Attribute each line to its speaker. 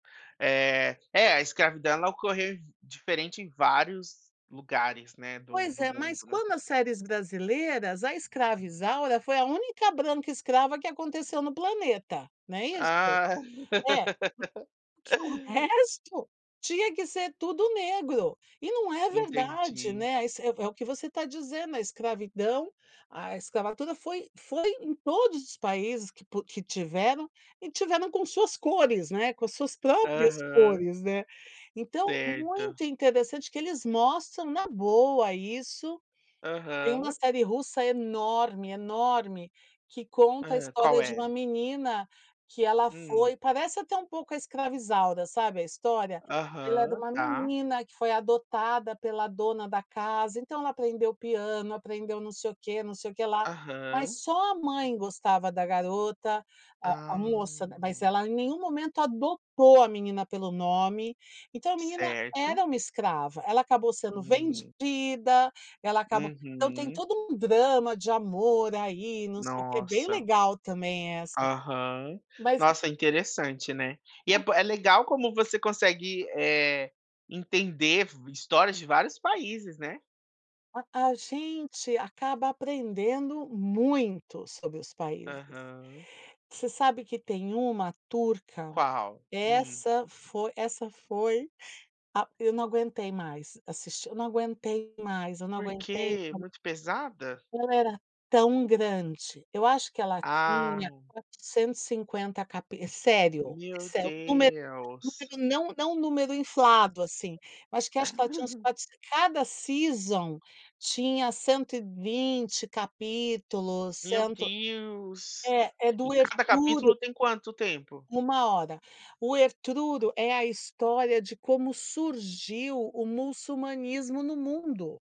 Speaker 1: É, é a escravidão ela ocorreu em diferente em vários lugares né, do
Speaker 2: Pois
Speaker 1: do
Speaker 2: é, mas
Speaker 1: mundo, né.
Speaker 2: quando as séries brasileiras, a escrava Isaura foi a única branca escrava que aconteceu no planeta, né, isso?
Speaker 1: Ah.
Speaker 2: É, hum, que o resto, tinha que ser tudo negro, e num é verdade,
Speaker 1: Entendi.
Speaker 2: né, ai se, é é o que você tá dizendo, a escravidão, a escravatura foi foi em todos os países que pu que tiveram, e tiveram com suas cores, né, com as suas próprias
Speaker 1: Aham.
Speaker 2: cores, né, então
Speaker 1: Certo.
Speaker 2: muito interessante que eles mostram na boa isso. Tem uma
Speaker 1: Aham.
Speaker 2: série russa enorme, enorme, que conta a
Speaker 1: Hã, qual
Speaker 2: história de uma
Speaker 1: é?
Speaker 2: menina, que ela
Speaker 1: Hum.
Speaker 2: foi parece até um pouco a escrava Isaura sabe, a história, ela era
Speaker 1: Aham,
Speaker 2: uma
Speaker 1: tá.
Speaker 2: menina que foi adotada pela dona da casa, então ela aprendeu piano, aprendeu não sei o quê, não sei o quê lá, mas
Speaker 1: Aham.
Speaker 2: só a mãe gostava da garota, a a
Speaker 1: Ah.
Speaker 2: moça, ma mas ela em nenhum momento adotou a menina pelo nome, então a menina
Speaker 1: Certo.
Speaker 2: era uma escrava, ela acabou sendo
Speaker 1: Hum.
Speaker 2: vendida, ela acabou então tem
Speaker 1: Uhum.
Speaker 2: todo um drama de amor aí, não sei o quê, bem
Speaker 1: Nossa.
Speaker 2: legal também essa,
Speaker 1: Aham,
Speaker 2: mas
Speaker 1: nossa,
Speaker 2: [unintelligible]
Speaker 1: interessante né, e é ban é legal como você consegue, eh, entender v histórias de vários países, né.
Speaker 2: A a gente acaba aprendendo muito sobre os países.
Speaker 1: Aham.
Speaker 2: Você sabe que tem uma turca,
Speaker 1: Qual? Uhum.
Speaker 2: essa foi essa foi ah, eu não aguentei mais assistir, eu não aguentei mais, eu não
Speaker 1: Por
Speaker 2: aguentei
Speaker 1: que, muito pesada?
Speaker 2: ela era tão grande, eu acho que ela
Speaker 1: Ah.
Speaker 2: tinha 450 capi sério,
Speaker 1: Meu
Speaker 2: isso é o número
Speaker 1: Deus.
Speaker 2: número não, não número inflado assim, eu acho que acho que ela tinha uns quatrocen cada season tinha 120 capítulos,
Speaker 1: Meu
Speaker 2: cento
Speaker 1: Deus!
Speaker 2: é, é
Speaker 1: E
Speaker 2: doer
Speaker 1: cada
Speaker 2: puro
Speaker 1: capítulo tem quanto tempo?
Speaker 2: 1 hora. O Ertruro é a história de como surgiu o muçulmanismo no mundo.